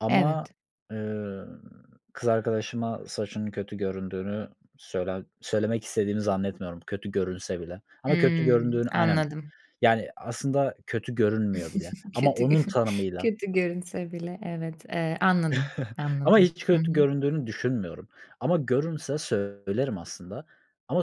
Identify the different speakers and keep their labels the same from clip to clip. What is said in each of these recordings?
Speaker 1: Ama,
Speaker 2: Evet.
Speaker 1: eee, kız arkadaşıma saçının kötü göründüğünü söyle söylemek istediğimi zannetmiyorum kötü görünse bile. Ama kötü
Speaker 2: Hımm,
Speaker 1: göründüğünü Aynen.
Speaker 2: anladım.
Speaker 1: Yani, aslında kötü görünmüyor bile. Ama
Speaker 2: Kötü
Speaker 1: onun
Speaker 2: görün
Speaker 1: tanımıyla.
Speaker 2: kötü görünse bile, evet. Eee, anladım,
Speaker 1: Ama
Speaker 2: anladım.
Speaker 1: hiç
Speaker 2: Hı
Speaker 1: kötü
Speaker 2: hı.
Speaker 1: göründüğünü düşünmüyorum. Ama görünse söylerim aslında. Ama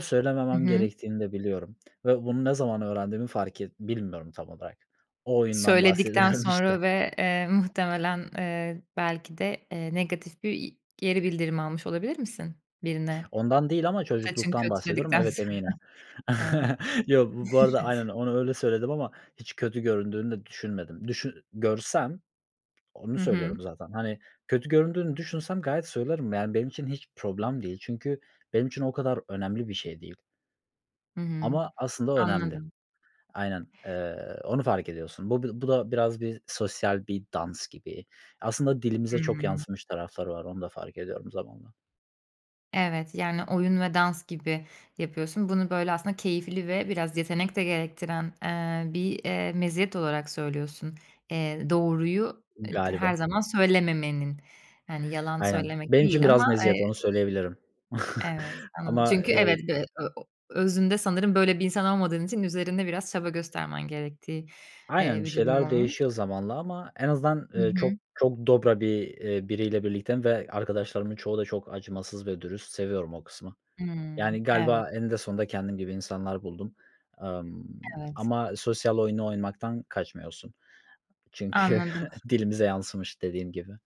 Speaker 2: Hı
Speaker 1: söylememem
Speaker 2: hı.
Speaker 1: gerektiğini de biliyorum ve bunu ne zaman öğrendiğimi fark et bilmiyorum tam olarak. O oyundan
Speaker 2: Söyledikten
Speaker 1: bahsediyorum, işte.
Speaker 2: sonra ve, eee, muhtemelen, eee, belki de, eee, negatif bir i geri bildirim almış olabilir misin birine
Speaker 1: Ondan değil ama
Speaker 2: "Saçın
Speaker 1: çocukluktan
Speaker 2: kötü."
Speaker 1: bahsediyorum.
Speaker 2: dedikten
Speaker 1: Evet,
Speaker 2: sonra?
Speaker 1: eminim.
Speaker 2: A!
Speaker 1: Yok, bu bu arada aynen,
Speaker 2: Evet.
Speaker 1: onu öyle söyledim ama hiç kötü göründüğünü de düşünmedim. Düşün görsem, onu
Speaker 2: Hı hı.
Speaker 1: söylüyorum zaten, hani, kötü göründüğünü düşünsem gayet söylerim. Yani, benim için hiç problem değil. Çünkü benim için o kadar önemli bir şey değil.
Speaker 2: Hı hı,
Speaker 1: Ama aslında önemli.
Speaker 2: anladım.
Speaker 1: Aynen, eee, onu fark ediyorsun. Bu bir bu da biraz bir sosyal bir dans gibi. Aslında dilimize çok
Speaker 2: Hımm.
Speaker 1: yansımış tarafları var. Onu da fark ediyorum zamanla.
Speaker 2: Evet, yani, oyun ve dans gibi yapıyorsun. Bunu, böyle, aslında keyifli ve biraz yetenek de gerektiren, eee, bir, eee, meziyet olarak söylüyorsun, eee, doğruyu, eee, her
Speaker 1: Galiba.
Speaker 2: zaman söylememenin. Yani, yalan
Speaker 1: Aynen.
Speaker 2: söylemek
Speaker 1: Benim için
Speaker 2: değil
Speaker 1: biraz
Speaker 2: ama, eee
Speaker 1: meziyet. Onu söyleyebilirim.
Speaker 2: Evet, anladım.
Speaker 1: Ama,
Speaker 2: Çünkü evet,
Speaker 1: eee
Speaker 2: e ı o özünde sanırım böyle bir insan olmadığın için üzerinde biraz çaba göstermen gerektiği, eee,
Speaker 1: Aynen, bir
Speaker 2: bir durum
Speaker 1: şeyler
Speaker 2: olmuş.
Speaker 1: değişiyor zamanla ama en azından,
Speaker 2: Hı
Speaker 1: eee, çok
Speaker 2: hı.
Speaker 1: çok dobra bir eee, biriyle birlikteyim ve arkadaşlarımın çoğu da çok acımasız ve dürüst. Seviyorum o kısmı. Yani,
Speaker 2: Hımm, evet.
Speaker 1: galiba eninde sonunda kendim gibi insanlar buldum. Imm,
Speaker 2: Evet.
Speaker 1: ama sosyal oyunu oynamaktan kaçmıyorsun. Çünkü
Speaker 2: Anladım.
Speaker 1: dilimize yansımış dediğim gibi.